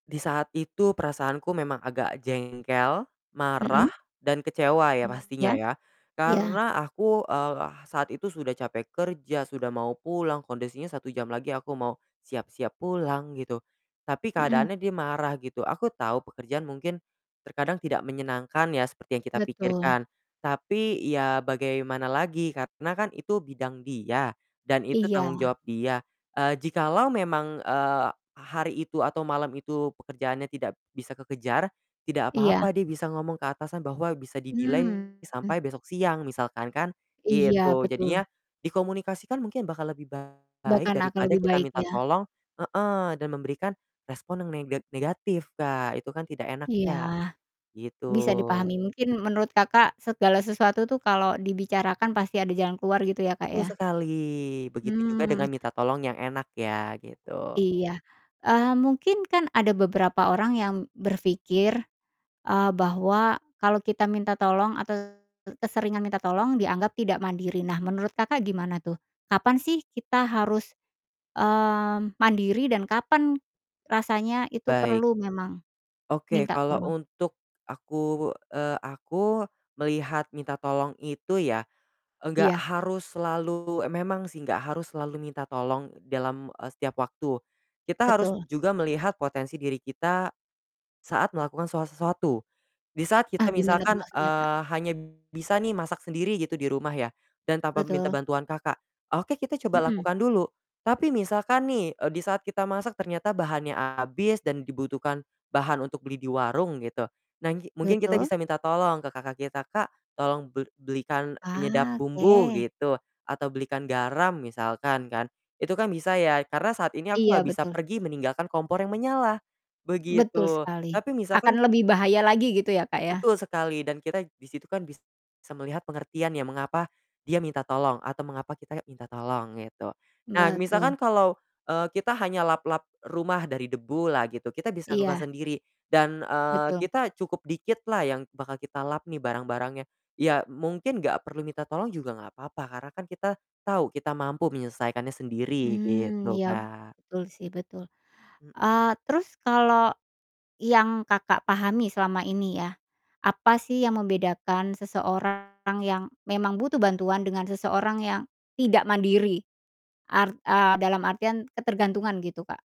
Di saat itu perasaanku memang agak jengkel, marah, Mhm. dan kecewa ya pastinya Iya. ya. Iya. Karena aku, eee, saat itu sudah capek kerja, sudah mau pulang, kondisinya 1 jam lagi aku mau siap-siap pulang gitu. Tapi Mhm. keadaannya dia marah gitu. Aku tahu pekerjaan mungkin terkadang tidak menyenangkan ya seperti yang kita Betul. pikirkan. Tapi ya, bagaimana lagi karena kan itu bidang dia, dan itu tanggung Iya. jawab dia. Eee, jikalau memang, eee, hari itu atau malam itu pekerjaannya tidak bisa kekejar, tidak Iya. apa-apa dia bisa ngomong ke atasan bahwa bisa di delay Mmm. sampai besok siang misalkan kan, Iya gitu. betul. Jadinya dikomunikasikan mungkin bakal lebih baik Bahkan akan daripada lebih kita baik minta ya? tolong heeh, dan memberikan respon neng nega negatif Kak, itu kan tidak enak Iya, ya. Gitu. bisa dipahami mungkin menurut Kakak segala sesuatu tuh kalo dibicarakan pasti ada jalan keluar gitu ya Kak, Betul ya? sekali. Begitu juga Hmm. dengan minta tolong yang enak ya, gitu. Iya, eee, mungkin kan ada beberapa orang yang berpikir, eee, bahwa kalo kita minta tolong atau ke keseringan minta tolong dianggap tidak mandiri. Nah menurut Kakak gimana tuh, kapan sih kita harus, mmm, mandiri dan kapan rasanya itu Baik. perlu memang Oke, minta kalau tolong? untuk aku eee, aku, melihat minta tolong itu ya, enggak Iya. harus selalu memang sih enggak harus selalu minta tolong dalam, eee, setiap waktu. Kita harus Betul. juga melihat potensi diri kita saat melakukan so sesuatu. Di saat Ah, kita gimana tuh misalkan, maksudnya Kak? eee, hanya bisa nih masak sendiri gitu di rumah ya, dan tanpa minta Betul. bantuan kakak. Oke, kita coba Mhm. lakukan dulu. Tapi misalkan nih, eee, di saat kita masak ternyata bahannya habis dan dibutuhkan bahan untuk beli di warung gitu. Nah nggi mungkin kita Betul. bisa minta tolong ke kakak kita, "Kak, tolong bel belikan penyedap Ah, bumbu," oke. gitu. Atau, "belikan garam," misalkan kan. Itu kan bisa ya, karena saat ini aku Iya enggak bisa betul. pergi meninggalkan kompor yang menyala. Betul Begitu. sekali. Tapi misalkan Akan lebih bahaya lagi gitu ya, Kak, ya. Betul sekali. Dan kita di situ kan bisa melihat pengertian ya, mengapa dia minta tolong. Atau mengapa kita minta tolong gitu. Nah misalkan Betul. kalau, eee, kita hanya lap-lap rumah dari debulah gitu, kita bisa lakukan Iya. sendiri. Dan, eee, Betul. kita cukup dikitlah yang bakal kita lap nih barang-barangnya, ya mungkin enggak perlu minta tolong juga enggak apa-apa, karena kan kita tahu, kita mampu menyelesaikannya sendiri, Mmm, gitu ya Kak. betul sih betul. Mhm. Eee, terus kalo yang Kakak pahami selama ini ya. Apa sih yang membedakan seseorang yang memang butuh bantuan dengan seseorang yang tidak mandiri. Art eee, dalam artian ketergantungan gitu Kak.